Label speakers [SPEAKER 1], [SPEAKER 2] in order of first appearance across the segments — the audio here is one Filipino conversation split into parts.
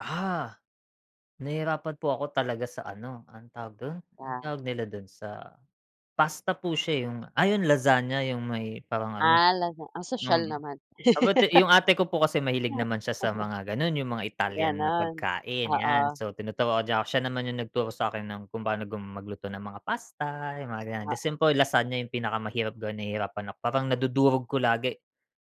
[SPEAKER 1] Ah! Nahihirapan po ako talaga sa ano, anong tawag do'n? Ang
[SPEAKER 2] Ah.
[SPEAKER 1] tawag nila do'n sa pasta po siya eh. Yung ah, yung lasagna, yung may parang ano
[SPEAKER 2] Ah, lasag ang sosyal
[SPEAKER 1] mm.
[SPEAKER 2] naman.
[SPEAKER 1] About yung ate ko po kasi mahilig naman siya sa mga gano'n, yung mga Italyan na
[SPEAKER 2] Gano'n,
[SPEAKER 1] pagkain, yan.
[SPEAKER 2] oo.
[SPEAKER 1] So, tinuturuan niya 'ko, siya naman 'yung nagturo sa akin ng kung paano gum magluto ng mga pasta, yung mga ganyan. The
[SPEAKER 2] Oo.
[SPEAKER 1] simple lasagna yung pinakamahirap gawin, nahihirapan ako. Parang nadudurog ko lagi.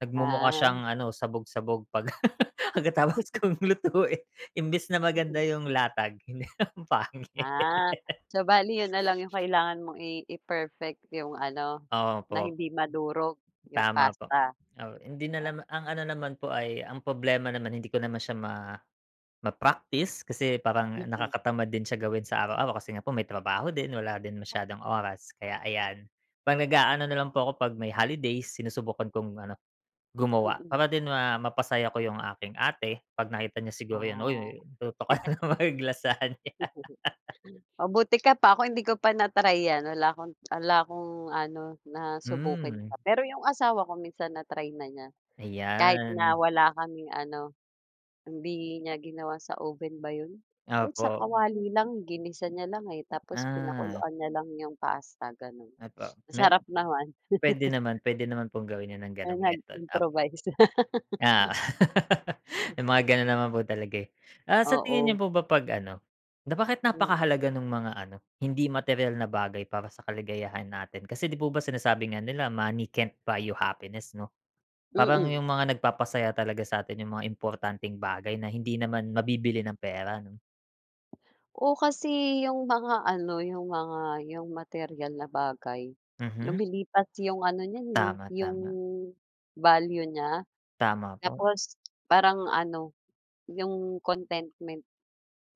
[SPEAKER 1] Nagmumukha
[SPEAKER 2] Ah.
[SPEAKER 1] siyang ano, sabog-sabog 'pag pagkatapos kong lutuin. Imbes na maganda
[SPEAKER 2] Mhm.
[SPEAKER 1] 'yung latag, hindi, ang pangit.
[SPEAKER 2] Ah. So, bale 'yun na lang 'yung kailangan mong i i-perfect, 'yung ano, na
[SPEAKER 1] Opo
[SPEAKER 2] hindi madurog 'yung
[SPEAKER 1] Tama po.
[SPEAKER 2] pasta.
[SPEAKER 1] Taw hindi na
[SPEAKER 2] Ah
[SPEAKER 1] lam ang ano naman po ay ang problema naman, hindi ko naman siya ma ma-practice kasi parang
[SPEAKER 2] Mm.
[SPEAKER 1] nakakatamad din siya gawin sa araw-araw kasi nga po may trabaho din, wala din masyadong oras, kaya, ayan. 'Pag naga-ano nalang po ako 'pag may holidays, sinusubukan kong ano, gumawa.
[SPEAKER 2] Mm.
[SPEAKER 1] Para din ma mapasaya ko 'yung aking ate 'pag nakita niya siguro yun,
[SPEAKER 2] Ah.
[SPEAKER 1] "Uy-uy, nagluto ka na naman ng lasagna"
[SPEAKER 2] Mabuti ka pa, ako, hindi ko pa na-try yan. Wala akong wala akong ano, nasubukan pa.
[SPEAKER 1] Hmm.
[SPEAKER 2] Pero 'yong asawa ko minsan na-try na niya. Kahit na
[SPEAKER 1] Ayan.
[SPEAKER 2] wala kaming ano, hindi niya ginawa sa oven ba 'yun? Kahit sa
[SPEAKER 1] Opo.
[SPEAKER 2] kawali lang. Ginisa niya lang eh, tapos
[SPEAKER 1] Ah.
[SPEAKER 2] pinakuluan niya lang 'yong pasta, gano'n.
[SPEAKER 1] Opo. Me
[SPEAKER 2] Masarap naman.
[SPEAKER 1] pwede naman pwede naman pong gawin yan ng
[SPEAKER 2] Ah,
[SPEAKER 1] gano'ng method, opo.
[SPEAKER 2] nag-improvise.
[SPEAKER 1] Ah. May mga gano'n naman po talaga eh. Ah sa tingin nyo
[SPEAKER 2] Oo.
[SPEAKER 1] po ba 'pag ano, na bakit
[SPEAKER 2] Mm.
[SPEAKER 1] napakahalaga nung mga ano, hindi materyal na bagay para sa kaligayahan natin? Kasi di po ba sinasabi nga nila money can't buy you happiness, 'no? Parang
[SPEAKER 2] Mm.
[SPEAKER 1] 'yung mga nagpapasaya talaga sa atin 'yung mga importanteng bagay na hindi naman mabibili ng pera, 'no?
[SPEAKER 2] Oo, kasi 'yung mga ano, 'yung mga 'yung materyal na bagay,
[SPEAKER 1] Mhm.
[SPEAKER 2] lumilipas yung ano niyan eh,
[SPEAKER 1] Tama,
[SPEAKER 2] 'yung
[SPEAKER 1] tama.
[SPEAKER 2] value nya.
[SPEAKER 1] Tama po.
[SPEAKER 2] Tapos parang ano, 'yung contentment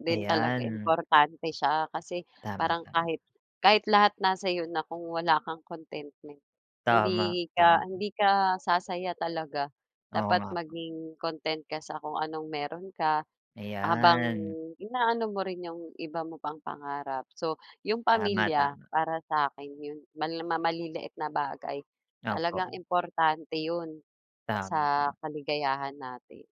[SPEAKER 2] din talaga
[SPEAKER 1] Ayan.
[SPEAKER 2] importante siya kasi
[SPEAKER 1] Tama,
[SPEAKER 2] parang
[SPEAKER 1] tama.
[SPEAKER 2] kahit kahit lahat nasa sa'yo na kung wala kang contentment, hindi
[SPEAKER 1] Tama,
[SPEAKER 2] ka
[SPEAKER 1] tama.
[SPEAKER 2] hindi ka, sasaya talaga.
[SPEAKER 1] Oo
[SPEAKER 2] Dapat
[SPEAKER 1] nga po.
[SPEAKER 2] maging content ka sa kung anong meron ka, habang
[SPEAKER 1] Ayan.
[SPEAKER 2] inaano mo rin 'yung iba mo pang pangarap. So, 'yung
[SPEAKER 1] Tama,
[SPEAKER 2] pamilya
[SPEAKER 1] tama.
[SPEAKER 2] para sa akin 'yung ma na na ma maliliit na bagay, talagang
[SPEAKER 1] Opo.
[SPEAKER 2] importante 'yun o
[SPEAKER 1] Tama,
[SPEAKER 2] sa
[SPEAKER 1] tama.
[SPEAKER 2] kaligayahan natin.